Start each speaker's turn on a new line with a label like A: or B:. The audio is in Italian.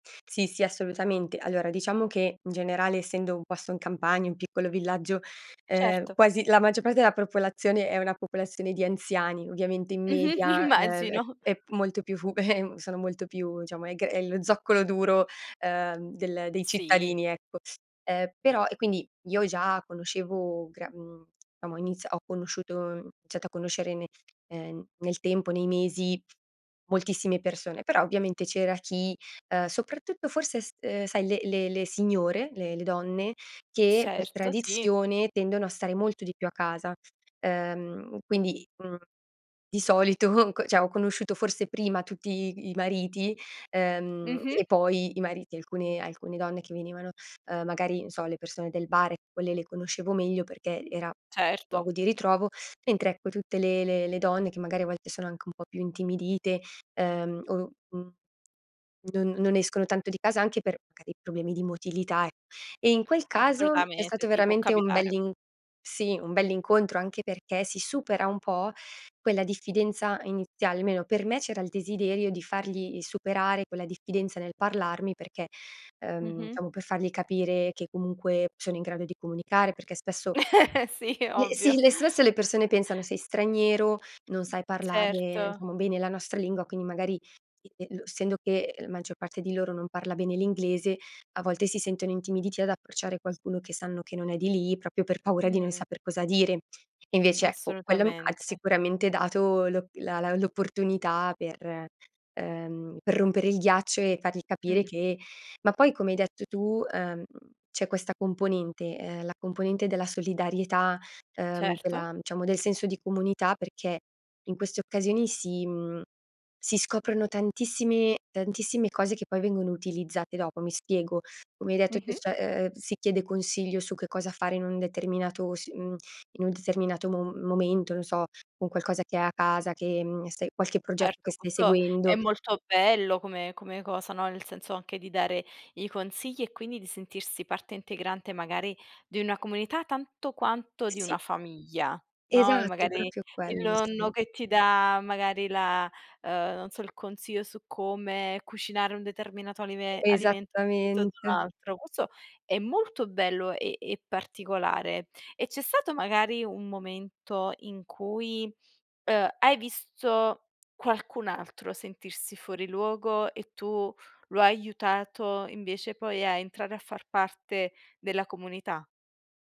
A: Sì, sì, assolutamente. Allora, diciamo che, in generale essendo un posto in campagna, un piccolo villaggio, uhm,
B: Certo.
A: quasi la maggior parte della popolazione, è una popolazione di anziani. Ovviamente in
B: Mh-mh,
A: media, ehm, è
B: immagino.
A: è molto più fu sono molto più, diciamo è che è lo zoccolo duro, uhm, del dei
B: Sì.
A: cittadini, ecco. Ehm, però e quindi io già conoscevo, gran mhmm, diciamo, ho iniz ho conosciuto ho iniziato a conoscere ne ehm, nel tempo, nei mesi, moltissime persone. Però, ovviamente c'era chi, uhm, soprattutto forse s uhm, sai le le le signore, le le donne, che per
B: Certo, sì.
A: tradizione, tendono a stare molto di più a casa, uhm, quindi, mhmm, di solito c cioè ho conosciuto forse prima tutti i mariti, ehm,
B: Mh-mh.
A: e poi i mariti, alcune alcune donne che venivano, uhm, magari, non so, le persone del bar, quelle le conoscevo meglio perché era,
B: Certo.
A: luogo di ritrovo, mentre ecco, tutte le le le donne che magari a volte, sono anche un po' più intimidite, ehm, o n non non escono tanto di casa anche per magari problemi di motilità, e e in quel caso, è
B: Assolutamente,
A: stato
B: sì, può
A: veramente un
B: capitare.
A: bell'in si un bell'incontro, anche perché si supera un po' quella diffidenza iniziale, almeno per me c'era il desiderio di fargli superare quella diffidenza nel parlarmi, perché, uhm,
B: Mh-mh.
A: diciamo per fargli capire che comunque sono in grado di comunicare, perché spesso
B: Sì,
A: eh, si
B: ovvio.
A: le spesso le persone pensano sei straniero, non sai parlare
B: Certo.
A: diciamo bene la nostra lingua, quindi magari, e e lo essendo che la maggior parte di loro non parla bene l'inglese, a volte si sentono intimiditi ad approcciare qualcuno che sanno che non è di lì, proprio per paura di non
B: Mhmm.
A: saper cosa dire. E invece, ecco, quello ha
B: Assolutamente.
A: sicuramente dato lo la la l'opportunità per, ehm, per rompere il ghiaccio e fargli capire
B: Mh.
A: che ma poi come hai detto tu, ehm, c'è questa componente, ehm, la componente della solidarietà, ehm,
B: Certo.
A: della diciamo del senso di comunità perché, in queste occasioni si mhmm, si scoprono tantissimi tantissime cose che poi vengono utilizzate dopo. Mi spiego, come hai detto tu,
B: Mh-mh.
A: cioè eh si chiede consiglio su che cosa fare in un determinato s mhmm, in un determinato mom momento, non so, un qualcosa che hai a casa, che, mhmm, stai qualche progetto che
B: Certo,
A: stai
B: questo è
A: seguendo
B: molto bello come come cosa, no, nel senso anche di dare i consigli e quindi di sentirsi parte integrante magari di una comunità tanto quanto di
A: Sì.
B: una famiglia, no, e
A: Esatto, è
B: magari
A: proprio
B: il
A: quello il
B: nonno
A: senso.
B: che ti dà magari la uhm, non so, il consiglio su come cucinare un determinato alime alimento rispetto ad
A: Esattamente.
B: un altro. Questo è molto bello e e particolare. E c'è stato magari un momento in cui, uhm, hai visto qualcun altro sentirsi fuori luogo e tu lo hai aiutato, invece poi a entrare a far parte della comunità?